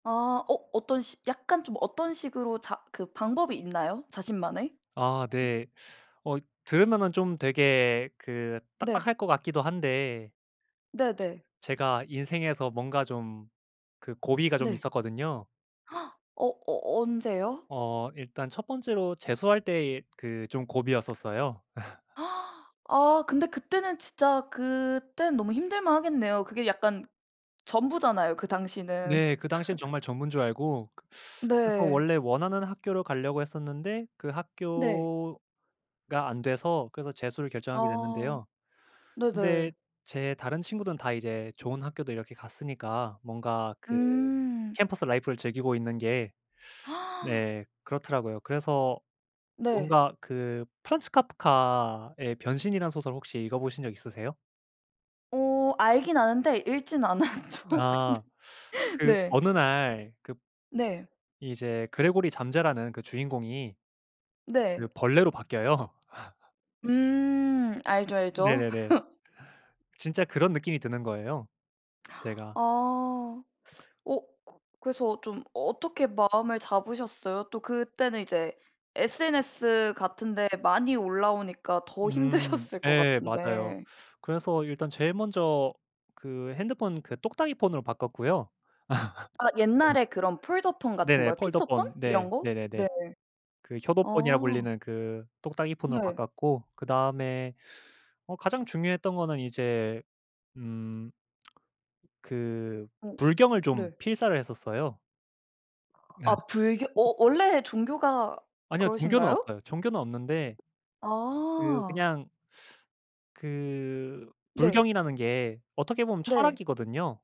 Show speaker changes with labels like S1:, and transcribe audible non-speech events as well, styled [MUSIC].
S1: 아. 어 어떤 시 약간 좀 어떤 식으로 자 그 방법이 있나요? 자신만의?
S2: 아 네. 어 들으면은 좀 되게 그
S1: 네.
S2: 딱딱할 것 같기도 한데
S1: 네네.
S2: 제가 인생에서 뭔가 좀 그 고비가 좀
S1: 네.
S2: 있었거든요.
S1: [GASPS] 어 어 언제요?
S2: 어 일단 첫 번째로 재수할 때의 그 좀 고비였었어요. [LAUGHS]
S1: [GASPS] 아 근데 그때는 진짜 그때는 너무 힘들 만하겠네요. 그게 약간 전부잖아요. 그 당시는.
S2: 네, 그 당시에는
S1: [LAUGHS]
S2: 정말 전부인 줄 알고. [SUCKS TEETH] 그래서
S1: 네.
S2: 원래 원하는 학교를 가려고 했었는데 그
S1: 네.
S2: 학교가 안 돼서 그래서 재수를 결정하게
S1: 아.
S2: 됐는데요. 근데
S1: 네네.
S2: 제 다른 친구들은 다 이제 좋은 학교도 이렇게 갔으니까 뭔가 그
S1: 음.
S2: 캠퍼스 라이프를 즐기고 있는 게
S1: [GASPS]
S2: 네 그렇더라고요. 그래서
S1: 네.
S2: 뭔가 그 프란츠 카프카의 변신이라는 소설 혹시 읽어보신 적 있으세요?
S1: 어 알긴 아는데 읽지는 않았죠, 근데.
S2: 아,
S1: [LAUGHS]
S2: 그
S1: 네.
S2: 어느 날 급
S1: 네.
S2: 이제 그레고리 잠자라는 그 주인공이 그
S1: 네.
S2: 벌레로 바뀌어요. [LAUGHS]
S1: 음. 알죠, 알죠.
S2: 네네네.
S1: [LAUGHS]
S2: 진짜 그런 느낌이 드는 거예요. 제가
S1: 아. [SUCKS TEETH] 어 그 그래서 좀 어떻게 마음을 잡으셨어요? 또 그때는 이제 SNS 같은 데 많이 올라오니까 더
S2: 음
S1: 힘드셨을 것
S2: 예, 맞아요.
S1: 같은데.
S2: 그래서 일단 제일 먼저 그 핸드폰 그 똑딱이 폰으로 바꿨고요.
S1: 아
S2: [LAUGHS] 어
S1: 옛날에 그런 폴더폰 같은
S2: 네네.
S1: 거요? 피처폰?
S2: 폴더폰. 네.
S1: 이런 거?
S2: 네네네.
S1: 네.
S2: 그 효도폰이라
S1: 어.
S2: 불리는 그 똑딱이 폰으로
S1: 네.
S2: 바꿨고, 그다음에 어 가장 중요했던 거는 이제 음 그
S1: 어
S2: 불경을 좀
S1: 네.
S2: 필사를 했었어요.
S1: 아
S2: [LAUGHS]
S1: 불교 워 원래 종교가
S2: 아니요. 종교는
S1: 그러신가요?
S2: 없어요. 종교는 없는데 그,
S1: 아.
S2: 그냥 [SUCKS TEETH] 그
S1: 네.
S2: 불경이라는 게 어떻게 보면
S1: 네.
S2: 철학이거든요.